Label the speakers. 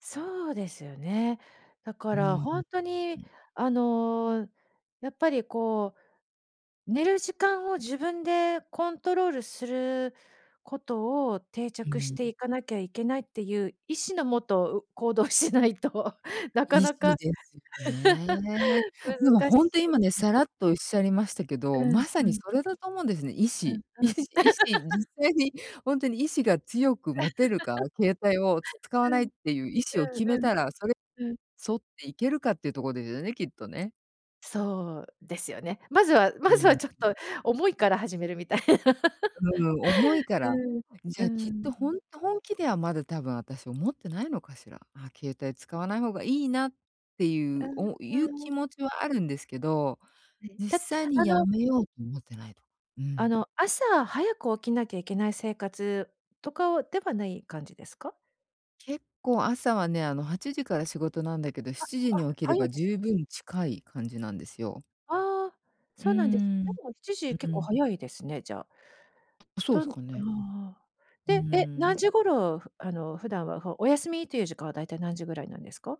Speaker 1: そうですよね。だか
Speaker 2: うー
Speaker 1: ら
Speaker 2: ん、
Speaker 1: 本当に
Speaker 2: ん。
Speaker 1: あの、やっぱりこう寝る時間を自分でコントロールすることを定
Speaker 2: う
Speaker 1: 着し
Speaker 2: ん。
Speaker 1: ていかなきゃいけないっていう意志のもと、う行動しないとなか
Speaker 2: 意
Speaker 1: な
Speaker 2: 志
Speaker 1: か
Speaker 2: ですよね。でも
Speaker 1: 難し
Speaker 2: 本当今ね、
Speaker 1: い。
Speaker 2: さらっとおっしゃりましたけど、
Speaker 1: うん
Speaker 2: まさ
Speaker 1: う
Speaker 2: に
Speaker 1: ん。
Speaker 2: それだと思うんですね、意
Speaker 1: うん
Speaker 2: 志。意
Speaker 1: うん。
Speaker 2: 志、意志。実 際に本当に意志が強く持てるか、携帯を、つ使わ
Speaker 1: う
Speaker 2: な
Speaker 1: ん。
Speaker 2: いっ
Speaker 1: うん
Speaker 2: ていう意志を決め
Speaker 1: うん。
Speaker 2: たら、それ、
Speaker 1: うん。
Speaker 2: 沿っていけるかっていうとこですよね、きっとね。
Speaker 1: そう、ですよね。まずは
Speaker 2: う
Speaker 1: まずは
Speaker 2: ん。
Speaker 1: ちょっと、思いから始めるみたいな。
Speaker 2: うん。思いか
Speaker 1: う
Speaker 2: ら。
Speaker 1: ん、
Speaker 2: じ
Speaker 1: う
Speaker 2: ゃあきっ
Speaker 1: ん。
Speaker 2: と、ほんと本気ではまだ多分私思ってないのかしら。ああ、携帯使わない方がいいな、ってい
Speaker 1: う
Speaker 2: う、おい
Speaker 1: ー
Speaker 2: う気
Speaker 1: ん。
Speaker 2: 持ちはあるんですけど。
Speaker 1: はい、
Speaker 2: 実
Speaker 1: た
Speaker 2: 際に
Speaker 1: あ
Speaker 2: 辞
Speaker 1: の
Speaker 2: めようと思ってないと。う
Speaker 1: あ
Speaker 2: ん。
Speaker 1: の、朝早く起きなきゃいけない生活とかはではない感じですか？
Speaker 2: 結構朝はね、あの8時から仕事なんだけど
Speaker 1: あ、
Speaker 2: 7時
Speaker 1: あ、
Speaker 2: に起きれ
Speaker 1: 早い
Speaker 2: ば
Speaker 1: ですね。
Speaker 2: 充分近い感じなんですよ。
Speaker 1: ああ、
Speaker 2: う
Speaker 1: そ
Speaker 2: ー
Speaker 1: うなんです。
Speaker 2: ん。
Speaker 1: でもしち
Speaker 2: う
Speaker 1: じ結構
Speaker 2: ん。
Speaker 1: 早いですね、じゃあ。
Speaker 2: そう
Speaker 1: と
Speaker 2: で
Speaker 1: あ
Speaker 2: すかね。
Speaker 1: あ。
Speaker 2: うー
Speaker 1: で、え、何
Speaker 2: ん。
Speaker 1: 時頃、ふあの普段は、ふお休みという時間はだいたい何時ぐらいなんですか？